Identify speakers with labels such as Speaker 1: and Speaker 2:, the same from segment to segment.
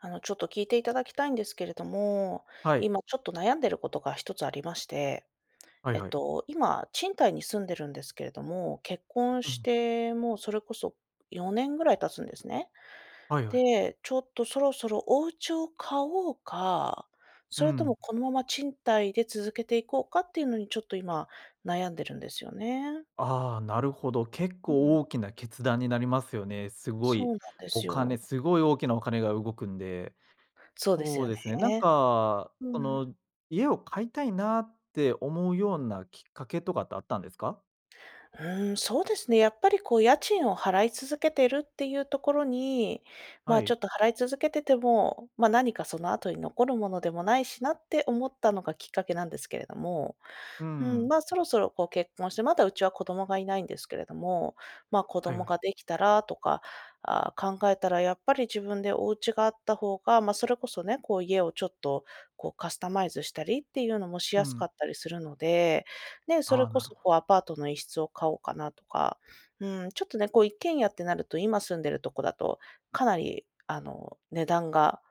Speaker 1: あの、ちょっと聞いていただきたいんですけれども、
Speaker 2: はい。
Speaker 1: 今ちょっと悩んでることが1つありまして、
Speaker 2: はい
Speaker 1: えっ
Speaker 2: はい。
Speaker 1: と、今賃貸に住んでるんですけれども、結婚
Speaker 2: う
Speaker 1: し
Speaker 2: ん。
Speaker 1: てもうそれこそ4年ぐらい経つんですね。
Speaker 2: はいはい。
Speaker 1: で、ちょっとそろそろお家を買おうか、
Speaker 2: う
Speaker 1: それと
Speaker 2: ん。
Speaker 1: もこのまま賃貸で続けていこうかっていうのに、ちょっと今悩んでるんですよね。
Speaker 2: ああ、なるほど、結
Speaker 1: うん。
Speaker 2: 構大きな決断になりますよね。すご
Speaker 1: そ
Speaker 2: い
Speaker 1: うなんです
Speaker 2: お
Speaker 1: よ。
Speaker 2: 金すごい大きなお金が動くんで。
Speaker 1: そうです
Speaker 2: そう
Speaker 1: よ
Speaker 2: ですね、なん
Speaker 1: ね。
Speaker 2: か、
Speaker 1: う
Speaker 2: あ
Speaker 1: ん。
Speaker 2: の、家を買いたいなって思うようなきっかけとかってあったんですか？
Speaker 1: うーん、そうですね。やっぱりこう家賃を払い続けてるっていうところに、ま
Speaker 2: は
Speaker 1: あちょ
Speaker 2: い。
Speaker 1: っと払い続けてても、ま、何かその後に残るものでもないしなって思ったのがきっかけなんですけれども
Speaker 2: うー
Speaker 1: ふん、
Speaker 2: ん。
Speaker 1: まあ、そろそろこう結婚してまだうちは子供がいないんですけれども、ま、子
Speaker 2: はいは
Speaker 1: 供
Speaker 2: い。
Speaker 1: ができたらとか、ああ、考えたらやっぱり自分でお家があった方が、ま、それこそね、こう家をちょっとこうカスタマイズしたりっていうのもし
Speaker 2: う
Speaker 1: やすか
Speaker 2: ん。
Speaker 1: ったりするので、ね、そ
Speaker 2: あ
Speaker 1: れ
Speaker 2: あ、
Speaker 1: こ
Speaker 2: なる
Speaker 1: そ、
Speaker 2: ほど。
Speaker 1: こう、アパートの1室を買おうかなとか、うーん、ちょっとね、こう一軒家ってなると、今住んでるとこだとかなり、あの、値段が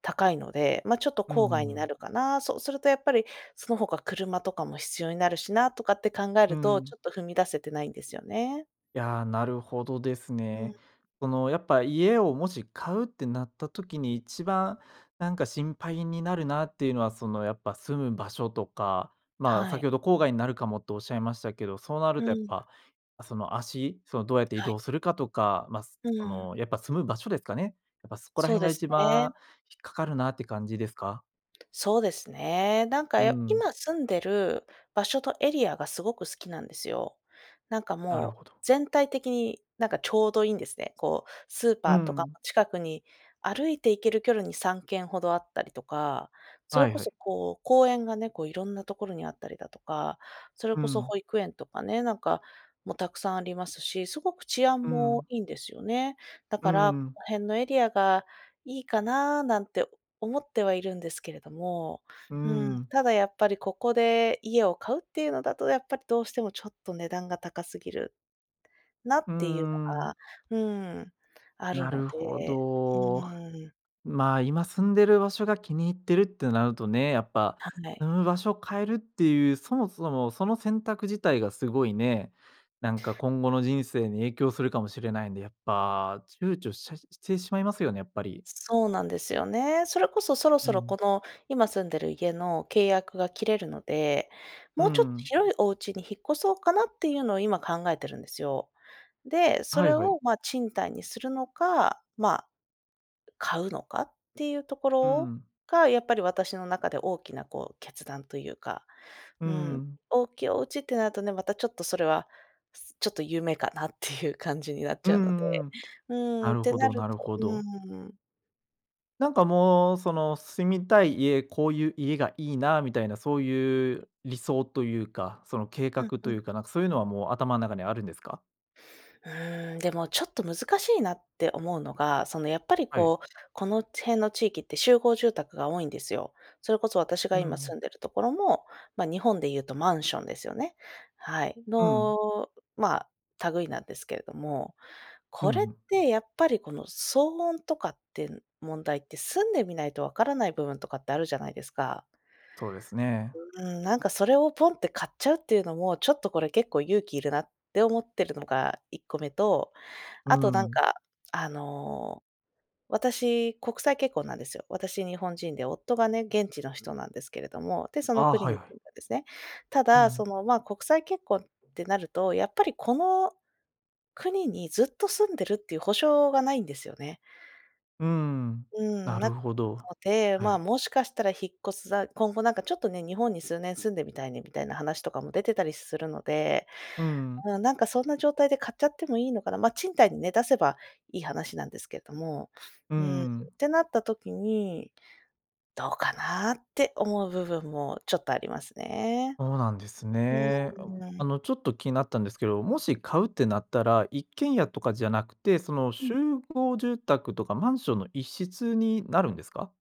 Speaker 1: 高いので、ま、ちょっと
Speaker 2: うん
Speaker 1: 郊
Speaker 2: う
Speaker 1: 外にな
Speaker 2: ん。
Speaker 1: るかな。そうするとやっぱりその他、車とかも必要になるしなとかって考え
Speaker 2: うー
Speaker 1: ると、
Speaker 2: ん。
Speaker 1: ちょっと踏み出せてないんですよね。
Speaker 2: いやあ、なるほどです
Speaker 1: う
Speaker 2: ね。
Speaker 1: ん。
Speaker 2: その、やっぱ、家をもし買うってなった時に、一番、なんか心配になるなっていうのは、その、やっぱ、住む場所とか、まあ、
Speaker 1: は
Speaker 2: 先
Speaker 1: い。
Speaker 2: ほど郊外になるかもって仰いましたけど、そうなる
Speaker 1: う
Speaker 2: とやっ
Speaker 1: ん。
Speaker 2: ぱ、その、足その、どうやって移
Speaker 1: はい。
Speaker 2: 動するかとか、まあ、す
Speaker 1: う
Speaker 2: そ
Speaker 1: ん。
Speaker 2: の、やっぱ、住む場所ですかね。やっぱ、そこら
Speaker 1: そう
Speaker 2: 辺
Speaker 1: で
Speaker 2: が
Speaker 1: す
Speaker 2: 一
Speaker 1: ね。
Speaker 2: 番引っかかるなって感じですか？
Speaker 1: そうですね。なんか、
Speaker 2: う
Speaker 1: よ
Speaker 2: ん。
Speaker 1: 今住んでる場所とエリアが、すごく好きなんですよ。なんか
Speaker 2: なる
Speaker 1: もう、
Speaker 2: ほど。
Speaker 1: 全体的に、なんか、ちょうどいいんですね。こう、スー
Speaker 2: う
Speaker 1: パーとか
Speaker 2: ん。
Speaker 1: も近くに歩いて行ける距離に3軒ほどあったりとか、それ
Speaker 2: はい
Speaker 1: こ
Speaker 2: はい。
Speaker 1: そこう、公園がね、こう、色んなところにあったりだとか。それ
Speaker 2: う
Speaker 1: こそ
Speaker 2: ん。
Speaker 1: 保育園とかね、なんかも沢山ありますし、すごく治安
Speaker 2: う
Speaker 1: も
Speaker 2: ん。
Speaker 1: いいんですよね。だ
Speaker 2: うー
Speaker 1: からこ
Speaker 2: ん。
Speaker 1: の辺のエリアがいいかな、なんて思ってはいるんですけれども。
Speaker 2: うー
Speaker 1: うーん、
Speaker 2: ん。
Speaker 1: ただやっぱりここで家を買うっていうのだとやっぱりどうしてもちょっと値段が高すぎるなっ
Speaker 2: う
Speaker 1: ていうの
Speaker 2: んう
Speaker 1: が、
Speaker 2: ん。
Speaker 1: うーん、ある
Speaker 2: な
Speaker 1: の
Speaker 2: るほ
Speaker 1: で、う
Speaker 2: ど。
Speaker 1: ーん。
Speaker 2: まあ、今住んでる場所が気に入ってるってなるとね、やっぱ、
Speaker 1: はんね
Speaker 2: う
Speaker 1: い。
Speaker 2: ん、場所を変えるっていう、そもそも、その選択自体がすごいね、なんか今後の人生に影響するかもしれないんで、やっぱ、躊躇しちゃしてしまいますよね、やっぱり。
Speaker 1: そうなんですよね。それこそ、そろ
Speaker 2: う
Speaker 1: そろ、こ
Speaker 2: ん。
Speaker 1: の今住んでる家の契約が切れるので、
Speaker 2: うー
Speaker 1: もうちょっと
Speaker 2: ん。
Speaker 1: 広いお家に引っ越そうかなっていうのを今考えてるんですよ。で、そ
Speaker 2: はい
Speaker 1: れ
Speaker 2: はい。
Speaker 1: を、ま、賃貸にするのか、ま、買うのかっていうとこ
Speaker 2: う
Speaker 1: ろ
Speaker 2: ん。
Speaker 1: が、やっぱり私の中で、大きな、こう、決断というか、
Speaker 2: うー
Speaker 1: うん。
Speaker 2: ん。
Speaker 1: 大きいお家ってなるとね、また、ちょっとそれは、ちょっと夢かなって いう感じになっ
Speaker 2: う
Speaker 1: ちゃうので。
Speaker 2: んうん。
Speaker 1: う
Speaker 2: な
Speaker 1: ん。っ
Speaker 2: る
Speaker 1: て
Speaker 2: ほ
Speaker 1: な
Speaker 2: ど
Speaker 1: る
Speaker 2: なる
Speaker 1: と
Speaker 2: ほ
Speaker 1: う
Speaker 2: ど。
Speaker 1: ん。
Speaker 2: なんかもうその住みたい家、こういう家がいいなみたいなそういう理想というか、その計
Speaker 1: う
Speaker 2: 画
Speaker 1: んう
Speaker 2: と
Speaker 1: ん。
Speaker 2: いうか、なんかそういうのはもう頭の中にあるんですか？
Speaker 1: うーん、でもちょっと難しいなって思うのが、その、やっぱり
Speaker 2: はい。
Speaker 1: こう、この辺の地域って集合住宅が多いんですよ。それこそ私
Speaker 2: う
Speaker 1: が今住
Speaker 2: ん。
Speaker 1: んでるところも、ま、日本で言うとマンションですよね。はい。
Speaker 2: うん。
Speaker 1: の、ま、類いなんですけれども、
Speaker 2: う
Speaker 1: これっ
Speaker 2: ん。
Speaker 1: てやっぱりこの騒音とかって問題って住んでみないと分からない部分とかってあるじゃないですか。
Speaker 2: そうですね。
Speaker 1: うーん、なんかそれをポンって買っちゃうっていうのも、ちょっとこれ結構勇気いるなって思っているのが1個目と、
Speaker 2: う
Speaker 1: あとなん
Speaker 2: ん。
Speaker 1: かあの私、国際結婚なんですよ。私日本人で夫がね、現地の人なんですけれども、で、その
Speaker 2: あ、
Speaker 1: 国
Speaker 2: はい
Speaker 1: に
Speaker 2: は
Speaker 1: 住
Speaker 2: い。
Speaker 1: んだんですね。た
Speaker 2: う
Speaker 1: だそ
Speaker 2: ん。
Speaker 1: のまあ国際結婚ってなると、やっぱりこの国にずっと住んでるっていう保証がないんですよね。
Speaker 2: うーん、
Speaker 1: う
Speaker 2: な
Speaker 1: ん、な
Speaker 2: る
Speaker 1: の
Speaker 2: ほど。
Speaker 1: で、
Speaker 2: は
Speaker 1: ま
Speaker 2: い。
Speaker 1: もしかしたら引っ越すだ今後なんかちょっとね、日本に数年住んでみたいねみたいな話とかも出てたりするので。
Speaker 2: うん。
Speaker 1: うん、なんかそんな状態で買っちゃってもいいのかな、ま、賃貸にね、出せばいい話なんですけれども、
Speaker 2: う
Speaker 1: うーん、っ
Speaker 2: ん。
Speaker 1: てなった時に、どうかなって思う部分もちょっとありますね。
Speaker 2: そうなんです
Speaker 1: う
Speaker 2: ね。あう、
Speaker 1: ー
Speaker 2: あ
Speaker 1: ん。
Speaker 2: の、ちょっと気になったんですけど、もし買うってなったら、一軒家とかじゃなくて、その
Speaker 1: う
Speaker 2: 集
Speaker 1: ん。
Speaker 2: 合住宅とかマンションの一室になるんですか？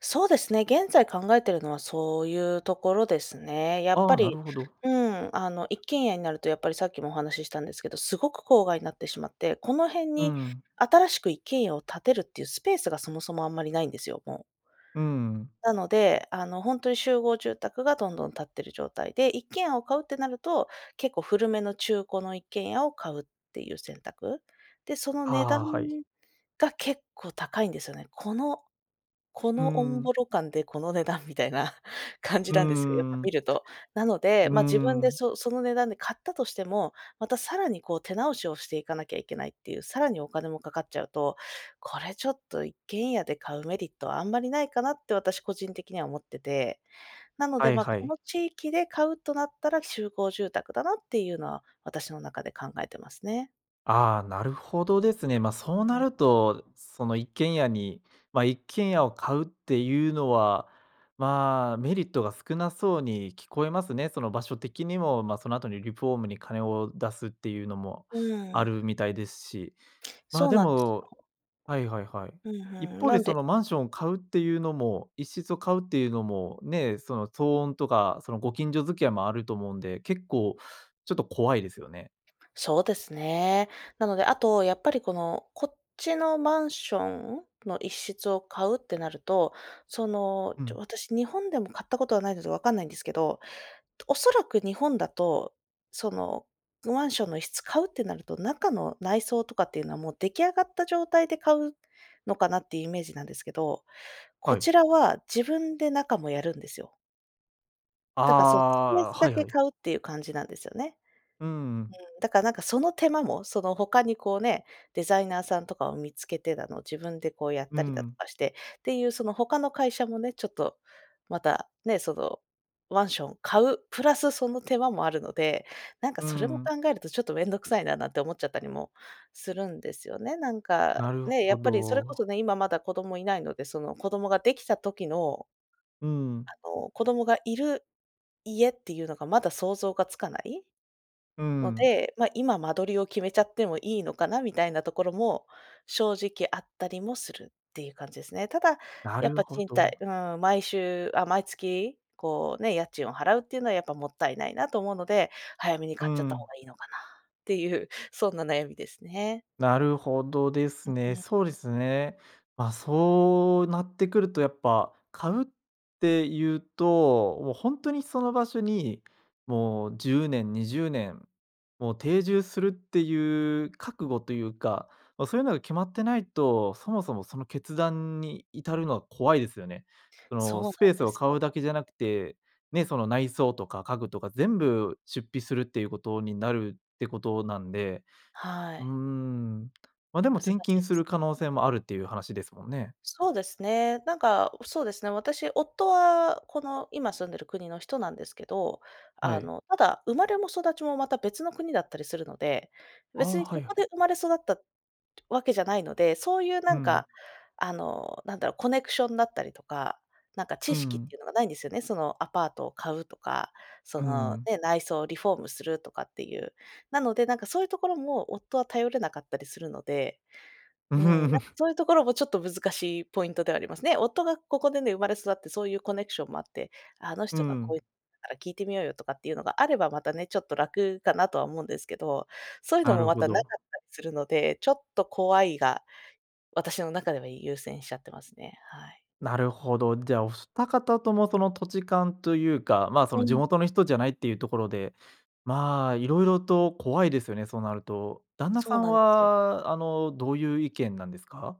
Speaker 1: そうですね、現在、考えているのはそういうところですね。やっ
Speaker 2: あ
Speaker 1: ぱ
Speaker 2: あ、な
Speaker 1: り
Speaker 2: るほど。
Speaker 1: うーん、あの、一軒家になると、やっぱりさっきもお話ししたんですけど、すごく郊外になってしまって、この辺
Speaker 2: う
Speaker 1: に
Speaker 2: ん。
Speaker 1: 新しく一軒家を建てるっていうスペースがそもそもあんまりないんですよ、もう。
Speaker 2: うん。
Speaker 1: なので、あのほんとに集合住宅がどんどん建っている状態で。一軒家を買うってなると、結構古めの中古の一軒家を買うっていう選択。で、その値段
Speaker 2: ああ、はい。
Speaker 1: が結構高いんですよね。この、こ
Speaker 2: うー
Speaker 1: のオンボ
Speaker 2: ん。
Speaker 1: ロ感でこの値段みたいな感じ
Speaker 2: う
Speaker 1: なんですよ、やっ
Speaker 2: ー
Speaker 1: ぱ見
Speaker 2: ん。
Speaker 1: ると。なの
Speaker 2: う
Speaker 1: で、
Speaker 2: ー
Speaker 1: まあ、自分で
Speaker 2: ん。
Speaker 1: そその値段で買ったとしても、また、さらにこう手直しをしていかなきゃいけないっていう、さらにお金も掛かっちゃうと、これちょっと一軒家で買うメリットはあんまりないかなって、私個人的には思ってて。なので、
Speaker 2: はい
Speaker 1: まあ、
Speaker 2: は
Speaker 1: こ
Speaker 2: い。
Speaker 1: の地域で買うとなったら、集合住宅だなっていうのは、私の中で考えてますね。
Speaker 2: ああ、なるほどですね。まあ、そう
Speaker 1: う
Speaker 2: な
Speaker 1: ん。
Speaker 2: ると、その、一軒家に、ま、一軒家を買うっていうのは、まあ、メリットが少なそうに聞こえますね。その場所的にも、ま、その後にリフォームに金を出すっていうのも
Speaker 1: うー
Speaker 2: ある
Speaker 1: ん。
Speaker 2: みたいですし。ま
Speaker 1: そ
Speaker 2: あ、
Speaker 1: う
Speaker 2: で
Speaker 1: なんです
Speaker 2: も
Speaker 1: よ。
Speaker 2: はいはいはい。
Speaker 1: ふんふ
Speaker 2: 一
Speaker 1: ん、
Speaker 2: 方
Speaker 1: な
Speaker 2: で、
Speaker 1: ん
Speaker 2: そ
Speaker 1: で
Speaker 2: のマンションを買うっていうのも、1室を買うっていうのもね、その、騒音とかその、ご近所付き合いもあると思うんで、結構ちょっと怖いですよね。
Speaker 1: そうですね。なので、あと、やっぱりこのこっちのマンションの1室を買うってなると、その、
Speaker 2: う
Speaker 1: ちょ
Speaker 2: ん。
Speaker 1: 私、日本でも買ったことはないので、分かんないんですけど、おそらく日本だとそのマンションの1室買うってなると、中の内装とかっていうのはもう出来上がった状態で買うのかなっていうイメージなんですけど、こ
Speaker 2: はい。
Speaker 1: ちらは自分で中もやるんですよ。
Speaker 2: あ
Speaker 1: だからそう、スペー
Speaker 2: あ、あ、
Speaker 1: スだ
Speaker 2: はい
Speaker 1: け
Speaker 2: はい。
Speaker 1: 買うっていう感じなんですよね。
Speaker 2: うんうん。
Speaker 1: うん、だからなんかその手間も、その他にこうね、デザイナーさんとかを見つけてだの自分でこうやっ
Speaker 2: う
Speaker 1: たりだと
Speaker 2: ん。
Speaker 1: かしてっていうその他の会社もね、ちょっと、また、ね、そのマンションを買うプラスその手間もあるので、なんか
Speaker 2: うー
Speaker 1: それも
Speaker 2: ん。
Speaker 1: 考えるとちょっと面倒くさいななんて思っちゃったりもするんですよね、なんか、
Speaker 2: なる
Speaker 1: ね。や
Speaker 2: ほ
Speaker 1: っぱりそれこそ
Speaker 2: ど。
Speaker 1: ね、今まだ子供いないので、その子供ができた時の
Speaker 2: う
Speaker 1: あ
Speaker 2: ん。
Speaker 1: の、子供がいる家っていうのがまだ想像がつかない
Speaker 2: う
Speaker 1: の
Speaker 2: ん。
Speaker 1: で、ま、今間取りを決めちゃってもいいのかなみたいなところも正直あったりもするっていう感じですね。ただ、
Speaker 2: な
Speaker 1: やっ
Speaker 2: る
Speaker 1: ぱ
Speaker 2: ほ
Speaker 1: 賃
Speaker 2: ど。
Speaker 1: 貸うーん、毎週あ、毎月こうね、家賃を払うっていうのはやっぱもったいないなと思うので、早めに
Speaker 2: う
Speaker 1: 買っちゃった方
Speaker 2: ん。
Speaker 1: がいいのかなっていうそんな悩みですね。
Speaker 2: なるほどで
Speaker 1: う
Speaker 2: すね。
Speaker 1: う
Speaker 2: そう
Speaker 1: う
Speaker 2: で
Speaker 1: ん。
Speaker 2: すね。まあそうなってくるとやっぱ、買うっていうと、もうほんとにその場所に、もう10年、20年、もう定住するっていう覚悟というか、ま、そういうのが決まってないと、そもそもその決断に至るのは怖いですよね。そ
Speaker 1: そう
Speaker 2: の、
Speaker 1: なん
Speaker 2: スペース
Speaker 1: で
Speaker 2: を
Speaker 1: す
Speaker 2: 買
Speaker 1: よ。
Speaker 2: うだけじゃなくて、ね、その内装とか家具とか全部出費するっていうことになるってことなんで
Speaker 1: は
Speaker 2: うー
Speaker 1: い。
Speaker 2: ん、ま、でも
Speaker 1: 難し
Speaker 2: 転
Speaker 1: い
Speaker 2: 勤
Speaker 1: で
Speaker 2: す
Speaker 1: す
Speaker 2: る可能
Speaker 1: ね。
Speaker 2: 性もあるっていう話ですもんね。
Speaker 1: そうですね。なんか、おそうですね、私夫は、この今住んでる国の人なんですけど、
Speaker 2: は
Speaker 1: あ
Speaker 2: い。
Speaker 1: の、ただ生まれも育ちもまた別の国だったりするので、
Speaker 2: ああ、
Speaker 1: 別に
Speaker 2: は
Speaker 1: こ
Speaker 2: いは
Speaker 1: こ
Speaker 2: い。
Speaker 1: で生まれ育ったわけじゃないので、そういうな
Speaker 2: う
Speaker 1: ん
Speaker 2: ん。
Speaker 1: か、あの、なんだろう、コネクションだったりとか、なんか
Speaker 2: う
Speaker 1: 知識っ
Speaker 2: ん。
Speaker 1: ていうのがないんですよね、その、アパートを買うとか、そ
Speaker 2: う
Speaker 1: の、
Speaker 2: ん。
Speaker 1: ね、内装をリフォームするとかっていう。なのでなんかそういうところも夫は頼れなかったりするので、
Speaker 2: う。
Speaker 1: うーん、なんか そういうところもちょっと難しいポイントではありますね。夫がここでね、生まれ育ってそういうコネクションもあって、あの
Speaker 2: う
Speaker 1: 人がこう
Speaker 2: ん。
Speaker 1: いうだから聞いてみようよとかっていうのがあればまたね、ちょっと楽かなとは思うんですけど、そういうの
Speaker 2: な
Speaker 1: も
Speaker 2: る
Speaker 1: ま
Speaker 2: ほ
Speaker 1: たなか
Speaker 2: ど。
Speaker 1: ったりするので、ちょっと怖いが、私の中では優先しちゃってますね。はい。
Speaker 2: なるほど。じゃあお2方ともその土地勘というか、まあそ
Speaker 1: う
Speaker 2: の地
Speaker 1: ん。
Speaker 2: 元の人じゃないっていうところで、まあ色々と怖いですよね、そうなると。旦那
Speaker 1: そ
Speaker 2: さ
Speaker 1: う
Speaker 2: ん
Speaker 1: なんですよ。
Speaker 2: はあの、どういう意見なんですか？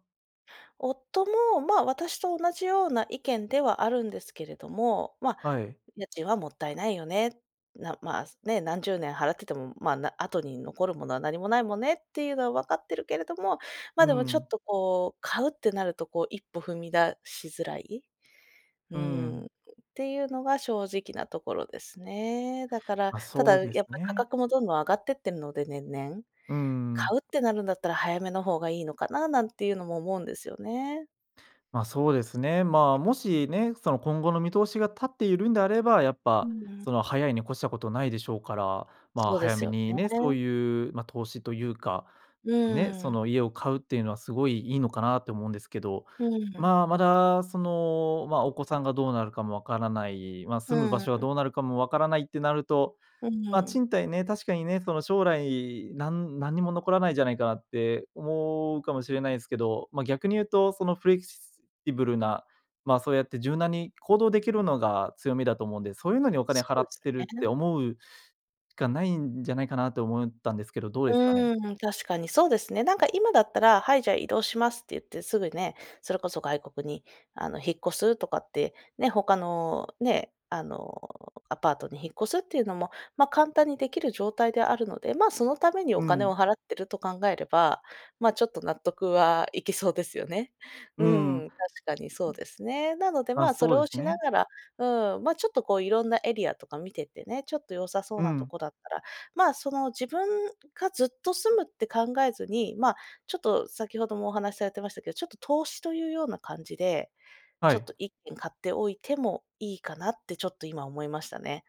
Speaker 1: 夫も、まあ、私と同じような意見ではあるんですけれども、ま、
Speaker 2: はい。
Speaker 1: 家賃はもったいないよね。な、ま、ね、何十年払ってても、ま、な、後に残るものは何もないもねっていうのはわかってるけれども、
Speaker 2: う
Speaker 1: ま、でも
Speaker 2: んう
Speaker 1: ちょ
Speaker 2: ん。
Speaker 1: っとこう、買うってなるとこう、一歩踏み出しづらい。う
Speaker 2: うんう
Speaker 1: ん、
Speaker 2: ん。
Speaker 1: っていうのが正直なところですね。だから、
Speaker 2: あ、
Speaker 1: た
Speaker 2: そう
Speaker 1: だ
Speaker 2: で
Speaker 1: や
Speaker 2: す
Speaker 1: っぱ、価
Speaker 2: ね。
Speaker 1: 格もどんどん上がってってんので、年々。
Speaker 2: うーん。
Speaker 1: 買うってなるんだったら早めのほうがいいのかな、なんていうのも思うんですよね。
Speaker 2: ま、そうですね、ま、もしね、その今後の見通しが立っているんであれば、やっ
Speaker 1: う
Speaker 2: ぱ、
Speaker 1: んうん。
Speaker 2: その、早いに越したことないでしょうから、ま、
Speaker 1: そうで
Speaker 2: 早
Speaker 1: す
Speaker 2: め
Speaker 1: よ
Speaker 2: にね、そう
Speaker 1: ね。
Speaker 2: いう、ま、投資というか、
Speaker 1: う
Speaker 2: ね、
Speaker 1: ー
Speaker 2: そ
Speaker 1: ん。
Speaker 2: の、家を買うっていうのはすごいいいのかなって思うんですけど。
Speaker 1: うん。
Speaker 2: まあ、まだその、ま、お子さんがどうなるかも分からない、ま、
Speaker 1: う
Speaker 2: 住む
Speaker 1: ん
Speaker 2: 場所は
Speaker 1: うん。
Speaker 2: どうなるかも分からないってなると、
Speaker 1: うん、
Speaker 2: ま、
Speaker 1: う。
Speaker 2: 賃貸ね、確かにね、その将来、なん何にも残らないじゃないかって思うかもしれないですけど、ま、逆に言うとそのフレキシブルな、ま、そうやって柔軟に行動できるのが強みだと思うんで、そういうのにお金
Speaker 1: そ
Speaker 2: 払
Speaker 1: うで
Speaker 2: っ
Speaker 1: す
Speaker 2: てるっ
Speaker 1: よ
Speaker 2: て
Speaker 1: ね。
Speaker 2: 思うしかないんじゃないかなと思ったんですけど、どうですかね。
Speaker 1: うーん、確かにそうですね。なんか今だったら、はい、じゃあ移動しますって言ってすぐね、それこそ外国に、あの引っ越すとかって、ね、ほかのね、あのアパートに引っ越すっていうのも、ま、簡単にできる状態であるので、ま、そのためにお
Speaker 2: う
Speaker 1: 金
Speaker 2: ん。
Speaker 1: を払ってると考えれば、ま、ちょっと納得はいきそうですよね。う
Speaker 2: うんうん。
Speaker 1: ん、確かにそうですね。なので、
Speaker 2: あ、
Speaker 1: ま、そ
Speaker 2: そ
Speaker 1: れ
Speaker 2: うで
Speaker 1: を
Speaker 2: す
Speaker 1: しな
Speaker 2: ね。
Speaker 1: がらうん、ま、ちょっとこういろんなエリアとか見ててね、ちょっと良さそう
Speaker 2: う
Speaker 1: なと
Speaker 2: ん。
Speaker 1: こだったら、ま、その、自分がずっと住むって考えずに、ま、ちょっと先ほどもお話されてましたけど、ちょっと投資というような感じで、
Speaker 2: は
Speaker 1: ちょっ
Speaker 2: い。
Speaker 1: と1軒買っておいてもいいかなって、ちょっと今思いましたね。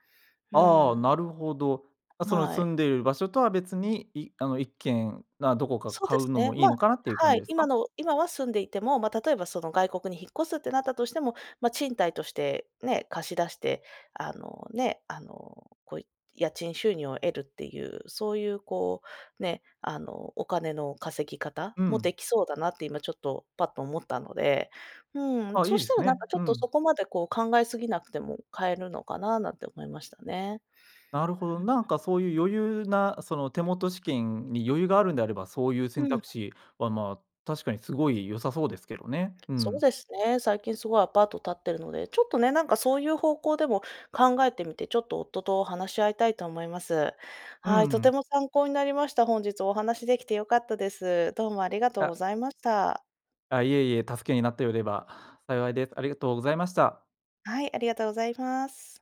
Speaker 1: う
Speaker 2: ああ、
Speaker 1: ん。
Speaker 2: なるほど。あ、その
Speaker 1: は
Speaker 2: 住
Speaker 1: い。
Speaker 2: んでいる場所とは別に、いあの1軒が、どこか
Speaker 1: そう
Speaker 2: 買
Speaker 1: で
Speaker 2: う
Speaker 1: す
Speaker 2: の
Speaker 1: ね。
Speaker 2: もい
Speaker 1: ま
Speaker 2: いのかなっていう感
Speaker 1: は
Speaker 2: じ
Speaker 1: い、
Speaker 2: です
Speaker 1: 今
Speaker 2: か？
Speaker 1: の今は住んでいても、ま、例えばその外国に引っ越すってなったとしても、ま、賃貸として、ね、貸し出して、あの、ね。あの、こう家賃収入を得るっていう、そういう、こうね、あのお金の稼ぎ方
Speaker 2: う
Speaker 1: もで
Speaker 2: ん。
Speaker 1: きそうだなって、今ちょっと、パッと思ったので。うん。
Speaker 2: あ、い
Speaker 1: そ
Speaker 2: い
Speaker 1: し
Speaker 2: で
Speaker 1: た
Speaker 2: す
Speaker 1: らなん
Speaker 2: ね。
Speaker 1: か、ちょ
Speaker 2: う
Speaker 1: っとそ
Speaker 2: ん。
Speaker 1: こまでこう考えすぎなくても、買えるのかな、なんて思いましたね。
Speaker 2: なるほど。なん
Speaker 1: うんうん。
Speaker 2: かそういう余裕な、その手元資金に余裕があるんであれば、そういう
Speaker 1: う
Speaker 2: 選
Speaker 1: ん。
Speaker 2: 択肢は、まあ、確かにすごい良さそうですけどね。う
Speaker 1: そう
Speaker 2: ん。
Speaker 1: ですね、最近すごいアパート建ってるので、ちょっとね、なんかそういう方向でも考えてみて、ちょっと夫と話し合いたいと思います。
Speaker 2: うん
Speaker 1: は
Speaker 2: う
Speaker 1: い、とて
Speaker 2: ん。
Speaker 1: も参考になりました。本日お話しできて良かったです。どうもありがとう
Speaker 2: い
Speaker 1: ご
Speaker 2: や
Speaker 1: ざいました。
Speaker 2: あ、いえいえ、助けになってよれば幸いです。ありがとうございました。
Speaker 1: はい、ありがとうございます。